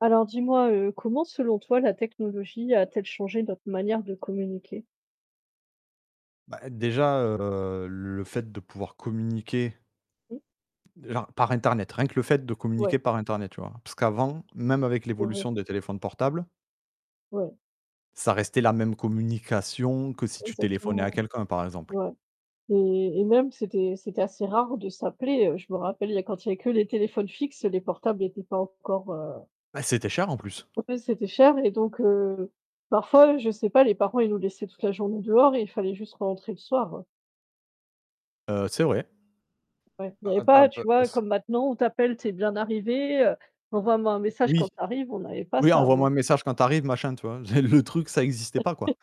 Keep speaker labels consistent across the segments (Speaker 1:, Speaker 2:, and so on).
Speaker 1: Alors dis-moi, heu, comment, selon toi, la technologie a-t-elle changé notre manière de communiquer?
Speaker 2: Bah, déjà, heu, le fait de pouvoir communiquer
Speaker 1: Mmh.
Speaker 2: genre, par Internet, rien que le fait de
Speaker 1: Ouais.
Speaker 2: communiquer par Internet, tu vois? Parce qu'avant, même avec
Speaker 1: C'est vrai.
Speaker 2: l'évolution des téléphones portables
Speaker 1: Ouais.
Speaker 2: ça restait la même communication que si tu téléphonais à
Speaker 1: Exactement.
Speaker 2: quelqu'un, par exemple.
Speaker 1: Ouais, et et même c'était c'était assez rare de s'appeler, heu. Je me rappelle il y a quand il y a que les téléphones fixes, les portables étaient pas encore, heu
Speaker 2: Bah, c'était cher, en plus.
Speaker 1: Ouais, c'était cher, et donc, heu, parfois, je sais pas, les parents, ils nous laissaient toute la journée dehors et il fallait juste rentrer le soir, hein.
Speaker 2: Heu, c'est vrai.
Speaker 1: Ouais, il y
Speaker 2: Ah
Speaker 1: avait
Speaker 2: ah bah ah
Speaker 1: pas,
Speaker 2: bah
Speaker 1: tu vois,
Speaker 2: parce
Speaker 1: comme maintenant, on t'appelle: «Tu es bien arrivée?» Heu, «Envoie-moi un message quand
Speaker 2: Oui.
Speaker 1: tu arrives», on n'avait pas
Speaker 2: Oui:
Speaker 1: ça,
Speaker 2: «Envoie-moi
Speaker 1: avant.
Speaker 2: un message quand tu arrives, machin», tu vois? Les le truc, ça existait pas, quoi.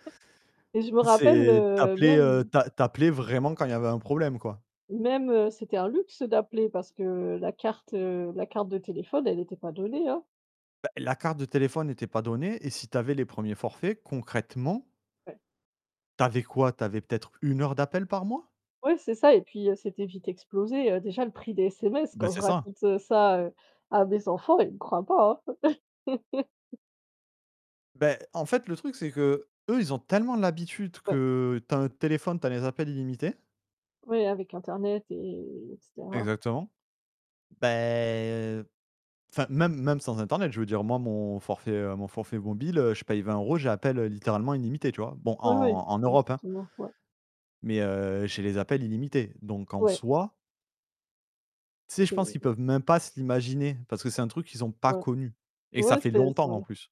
Speaker 1: Et je me rappelle,
Speaker 2: C'est tu
Speaker 1: heu,
Speaker 2: appelais, heu,
Speaker 1: même
Speaker 2: tu a tu appelais vraiment quand il y avait un problème, quoi.
Speaker 1: même, heu, c'était un luxe d'appeler parce que la carte, heu, la carte de téléphone, elle était pas donnée, hein.
Speaker 2: Bah, la carte de téléphone était pas donnée et si tu avais les premiers forfaits, concrètement
Speaker 1: Ouais.
Speaker 2: tu avais quoi? Tu avais peut-être 1 heure d'appel par mois?
Speaker 1: Ouais, c'est ça, et puis, heu, c'était vite explosé, heu. Déjà, le prix des SMS,
Speaker 2: Mais
Speaker 1: quand je
Speaker 2: c'est ça.
Speaker 1: raconte, heu, ça heu, à mes enfants, ils me croient pas, hein.
Speaker 2: Beh, en fait, le truc, c'est que, eux, ils ont tellement l'habitude
Speaker 1: Ouais.
Speaker 2: que: tu as un téléphone, tu as les appels illimités.
Speaker 1: Oui, avec internet et et et cetera.
Speaker 2: Exactement. Bah heu enfin, même même sans Internet, je veux dire. Moi, mon forfait, heu, mon forfait mobile, heu, je paye 20 €, j'ai appels littéralement illimités, tu vois? Bon, en
Speaker 1: Oui, oui.
Speaker 2: en Europe, hein.
Speaker 1: Effectivement, ouais.
Speaker 2: Mais heu, j'ai les appels illimités, donc en
Speaker 1: Ouais.
Speaker 2: soi Tu sais, je pense qu'ils
Speaker 1: C'est
Speaker 2: peuvent même pas se l'imaginer, parce que c'est un truc qu'ils ont pas
Speaker 1: Ouais.
Speaker 2: connu et ça
Speaker 1: Ouais,
Speaker 2: fait
Speaker 1: c'est c'est
Speaker 2: longtemps,
Speaker 1: vrai.
Speaker 2: en plus.